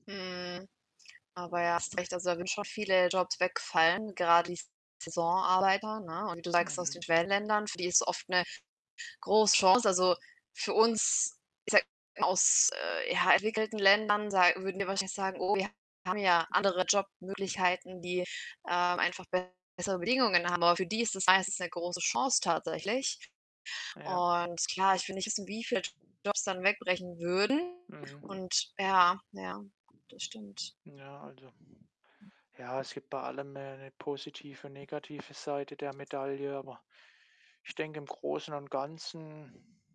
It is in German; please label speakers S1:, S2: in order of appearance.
S1: Mhm. Aber ja, hast recht. Also, da würden schon viele Jobs wegfallen, gerade die Saisonarbeiter, ne? Und wie du sagst, aus den
S2: Mhm.
S1: Schwellenländern, für die ist es oft 'ne große Chance. Also, für uns ich sage mal aus, äh, ja, entwickelten Ländern, sa würden wir wahrscheinlich sagen: Oh, wir haben ja andere Jobmöglichkeiten, die, ähm, einfach bessere Bedingungen ha Aber für die ist es meistens 'ne große Chance tatsächlich
S2: Ja.
S1: und klar, ich will nicht wissen, wie viele Jobs dann wegbrechen würden
S2: Mhm.
S1: und ja, ja, das stimmt.
S2: Hm, ja, also ja, es gibt bei allem, 'ne 'ne positive und negative Seite der Medaille, aber ich denke, im Großen und Ganzen